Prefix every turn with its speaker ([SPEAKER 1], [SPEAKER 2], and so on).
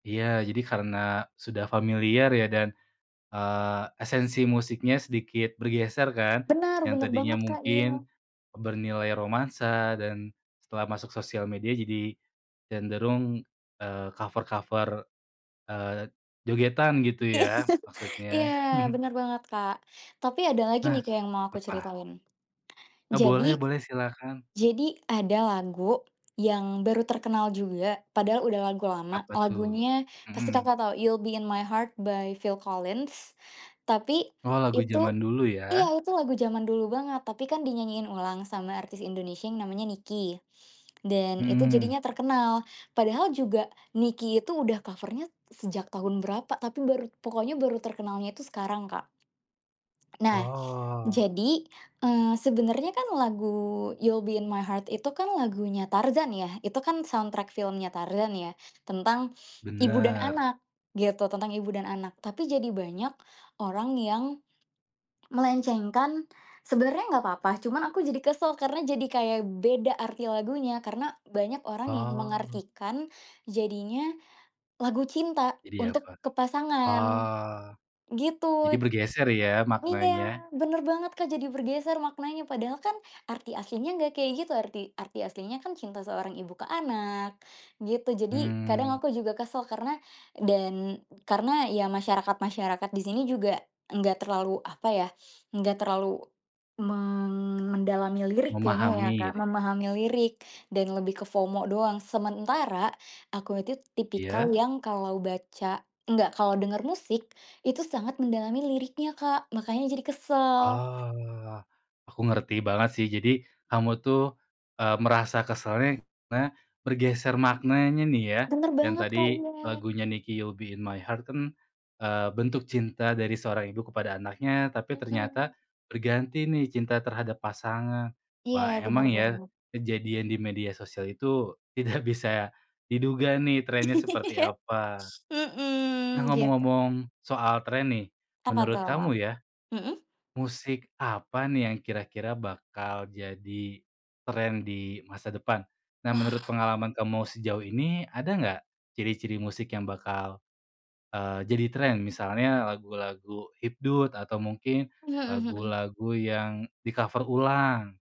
[SPEAKER 1] Iya jadi karena sudah familiar ya dan, eee, esensi musiknya sedikit bergeser kan,
[SPEAKER 2] Benar
[SPEAKER 1] yang
[SPEAKER 2] benar
[SPEAKER 1] tadinya
[SPEAKER 2] banget Kak, iya.
[SPEAKER 1] mungkin bernilai romansa dan setelah masuk sosial media jadi cenderung, eee, cover-cover, eee, jogetan gitu ya maksudnya.
[SPEAKER 2] Iya bener banget Kak. Tapi ada lagi
[SPEAKER 1] Nah
[SPEAKER 2] nih Kak yang mau aku
[SPEAKER 1] apa?
[SPEAKER 2] ceritain.
[SPEAKER 1] E boleh
[SPEAKER 2] Jadi
[SPEAKER 1] boleh silakan.
[SPEAKER 2] jadi ada lagu yang baru terkenal juga, padahal udah lagu lama,
[SPEAKER 1] Apa tuh?
[SPEAKER 2] lagunya pasti
[SPEAKER 1] Mhm.
[SPEAKER 2] Kakak tau "You'll Be in My Heart" by Phil Collins. Tapi
[SPEAKER 1] Oh lagu
[SPEAKER 2] itu
[SPEAKER 1] zaman dulu ya?
[SPEAKER 2] iya, itu lagu zaman dulu banget, tapi kan dinyanyiin ulang sama artis Indonesia yang namanya NIKI dan itu
[SPEAKER 1] Mhm.
[SPEAKER 2] jadinya terkenal. Padahal juga NIKI itu udah cover-nya sejak tahun berapa, tapi baru pokoknya baru terkenalnya itu sekarang Kak. Nah,
[SPEAKER 1] Oh.
[SPEAKER 2] jadi eee sebenernya kan lagu "You'll Be in My Heart" itu kan lagunya Tarzan ya, itu kan soundtrack filmnya Tarzan ya, tentang ibu dan
[SPEAKER 1] Benar.
[SPEAKER 2] anak gitu, tentang ibu dan anak. Tapi jadi banyak orang yang melenceng kan, sebenarnya gak apa-apa cuma aku jadi kesel karena jadi kayak beda arti lagunya karena banyak orang yang
[SPEAKER 1] Oh.
[SPEAKER 2] mengartikan jadinya lagu cinta
[SPEAKER 1] Jadi
[SPEAKER 2] untuk
[SPEAKER 1] apa?
[SPEAKER 2] ke pasangan,
[SPEAKER 1] Oh, jadi
[SPEAKER 2] gitu.
[SPEAKER 1] bergeser ya maknanya.
[SPEAKER 2] Iya bener banget Kak jadi bergeser maknanya padahal kan arti aslinya nggak kayak gitu, arti arti aslinya kan cinta seorang ibu ke anak gitu. Jadi kadang
[SPEAKER 1] Mmm.
[SPEAKER 2] aku juga kesel karena dan karena ya masyarakat-masyarakat di sini juga enggak terlalu apa ya, enggak terlalu men mendalami lirik kayaknya ya
[SPEAKER 1] Memahami
[SPEAKER 2] Kak,
[SPEAKER 1] gitu.
[SPEAKER 2] memahami lirik dan lebih ke FOMO doang. Sementara aku itu tipikal
[SPEAKER 1] Iya.
[SPEAKER 2] yang kalau baca enggak kalau denger musik, itu sangat mendalami liriknya Kak, makannya jadi kesel.
[SPEAKER 1] Oh. Aku ngerti banget sih jadi kamu tuh e merasa keselnya karena bergeser maknanya nih ya,
[SPEAKER 2] Bener
[SPEAKER 1] yang
[SPEAKER 2] banget Kak,
[SPEAKER 1] tadi
[SPEAKER 2] iya.
[SPEAKER 1] lagunya NIKI "You'll Be In My Heart" kan, eee, bentuk cinta dari seorang ibu kepada anaknya, tapi
[SPEAKER 2] Mhm.
[SPEAKER 1] ternyata berganti nih cinta terhadap pasangan.
[SPEAKER 2] Iya
[SPEAKER 1] Wah
[SPEAKER 2] benar
[SPEAKER 1] emang ya
[SPEAKER 2] banget.
[SPEAKER 1] kejadian di media sosial itu tidak bisa diduga nih trend-nya seperti
[SPEAKER 2] Iya
[SPEAKER 1] apa. Nah
[SPEAKER 2] Mhm, gitu.
[SPEAKER 1] ngomong-ngomong soal trend nih,
[SPEAKER 2] Apa
[SPEAKER 1] menurut
[SPEAKER 2] tuh?
[SPEAKER 1] kamu ya,
[SPEAKER 2] Mhm.
[SPEAKER 1] musik apa nih yang kira-kira bakal jadi trend di masa depan? Nah menurut
[SPEAKER 2] Wah.
[SPEAKER 1] pengalaman kamu sejauh ini, ada nggak ciri-ciri musik yang bakal, eee, jadi trend? Misalnya lagu-lagu hipdut atau mungkin
[SPEAKER 2] Mhm mhm.
[SPEAKER 1] lagu-lagu yang di-cover ulang?